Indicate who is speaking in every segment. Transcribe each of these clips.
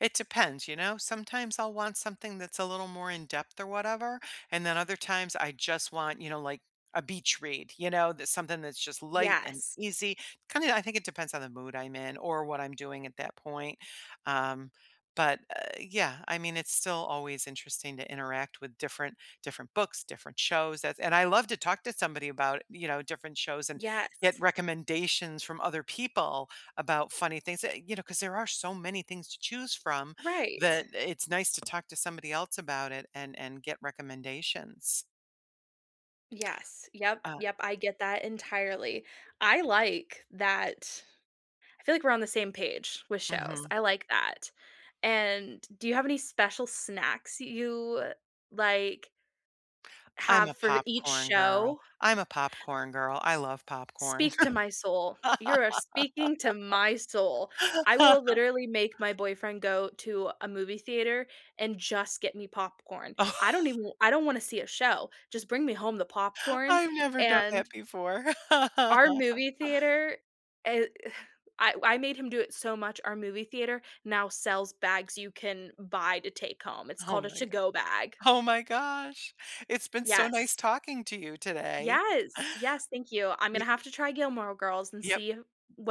Speaker 1: It depends, you know? Sometimes I'll want something that's a little more in-depth or whatever, and then other times, I just want, you know, like, a beach read, you know? That's something that's just light and
Speaker 2: Yes.
Speaker 1: easy, kinda I think it depends on the mood I'm in or what I'm doing at that point, um, but, uh, yeah, I mean, it's still always interesting to interact with different different books, different shows, that's and I love to talk to somebody about, you know, different shows and get
Speaker 2: Yes.
Speaker 1: recommendations from other people about funny things that you know, 'cause there are so many things to choose from
Speaker 2: Right.
Speaker 1: that it's nice to talk to somebody else about it and and get recommendations.
Speaker 2: Yes, yup,
Speaker 1: Ah
Speaker 2: yup, I get that entirely. I like that I feel like we're on the same page with shows.
Speaker 1: Mhm.
Speaker 2: I like that, and do you have any special snacks you, uh, like
Speaker 1: I'm
Speaker 2: have
Speaker 1: a
Speaker 2: for each
Speaker 1: popcorn girl.
Speaker 2: show?
Speaker 1: I'm a popcorn girl. I love popcorn.
Speaker 2: Speak to my soul. You are speaking to my soul. I will literally make my boyfriend go to a movie theater and just get me popcorn. I don't even I don't wanna see a show, just bring me home the popcorn
Speaker 1: I've never done that
Speaker 2: and
Speaker 1: before.
Speaker 2: our movie theater? Eh, uh, I w I made him do it so much, our movie theater now sells bags you can buy to take home, it's
Speaker 1: Oh
Speaker 2: called a
Speaker 1: my go
Speaker 2: to-go bag.
Speaker 1: Oh my gosh, it's been so nice
Speaker 2: Yes.
Speaker 1: talking to you today.
Speaker 2: Yes, yes, thank you. I'm
Speaker 1: Y
Speaker 2: gonna have to try Gilmore Girls and
Speaker 1: Yep.
Speaker 2: see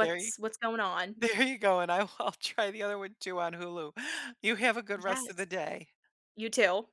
Speaker 1: There you
Speaker 2: what's going on.
Speaker 1: There you go, and I'll I’ll try the other one too on Hulu. You have a good rest of the
Speaker 2: Yes.
Speaker 1: day.
Speaker 2: You too.